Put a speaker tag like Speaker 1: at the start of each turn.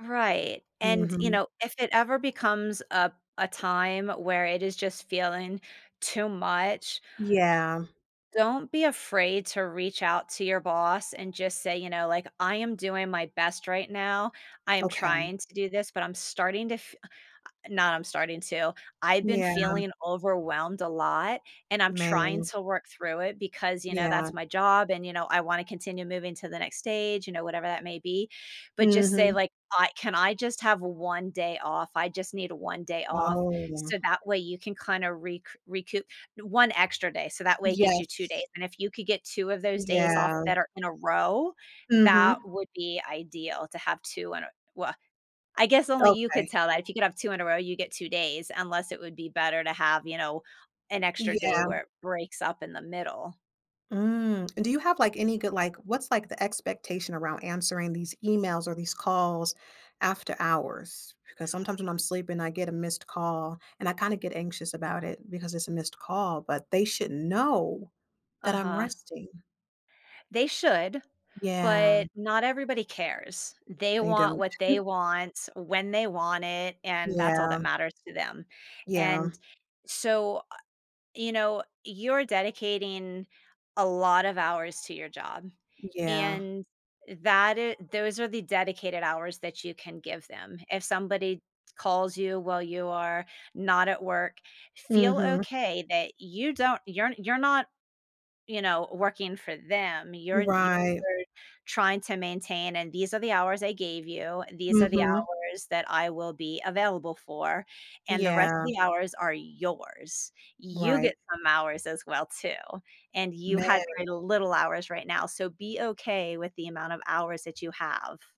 Speaker 1: Right, and, you
Speaker 2: Mhm.
Speaker 1: know, if it ever becomes a a time where it is just feeling too much
Speaker 2: Yeah.
Speaker 1: don't be afraid to reach out to your boss and just say, you know, like, "I am doing my best right now. I am
Speaker 2: Okay.
Speaker 1: trying to do this, but I'm starting to f not I'm starting to I've been
Speaker 2: Yeah.
Speaker 1: feeling overwhelmed a lot, and I'm trying
Speaker 2: Man.
Speaker 1: to work through it because, you know,
Speaker 2: Yeah.
Speaker 1: that's my job, and, you know, I wanna continue moving to the next stage, you know, whatever that may be." But, just say,
Speaker 2: Mhm.
Speaker 1: like, "I Can I just have 1 day off? I just need 1 day off."
Speaker 2: Oh, yeah.
Speaker 1: So, that way you can kinda rec recoup 1 extra day, so that way it gives you 2 days,
Speaker 2: Yes.
Speaker 1: and if you could get 2 of those days off
Speaker 2: Yeah.
Speaker 1: that are in a row, that
Speaker 2: Mhm.
Speaker 1: would be ideal to have 2 in a well, I guess only you could
Speaker 2: Okay.
Speaker 1: tell that. If you could have 2 in a row, you'd get 2 days, unless it would be better to have, you know, an extra day
Speaker 2: Yeah.
Speaker 1: where it breaks up in the middle.
Speaker 2: Mm, do you have, like, any good like, what's, like, the expectation around answering these emails or these calls after hours? Because sometimes when I'm sleeping, I get a missed call, and I kinda get anxious about it because it's a missed call, but they should know that I'm
Speaker 1: Uh-huh.
Speaker 2: resting.
Speaker 1: They should,
Speaker 2: Yeah.
Speaker 1: but not everybody cares. They
Speaker 2: They
Speaker 1: want
Speaker 2: don't.
Speaker 1: what they want, when they want it, and that's all
Speaker 2: Yeah.
Speaker 1: that matters to them,
Speaker 2: Yeah.
Speaker 1: and so, uh, you know, you're dedicating a lot of hours to your job.
Speaker 2: Yeah.
Speaker 1: And, that i those are the dedicated hours that you can give them. If somebody calls you while you are not at work, feel
Speaker 2: Mhm.
Speaker 1: okay that you don't you're you're not, you know, working for them. You're you're
Speaker 2: Right.
Speaker 1: trying to maintain, and these are the hours I gave you, "These are the
Speaker 2: Mhm.
Speaker 1: hours that I will be available for," and the rest of
Speaker 2: Yeah.
Speaker 1: the hours are yours. You get
Speaker 2: Right.
Speaker 1: some hours as well, too, and you had
Speaker 2: Man.
Speaker 1: kinda little hours right now, so be okay with the amount of hours that you have.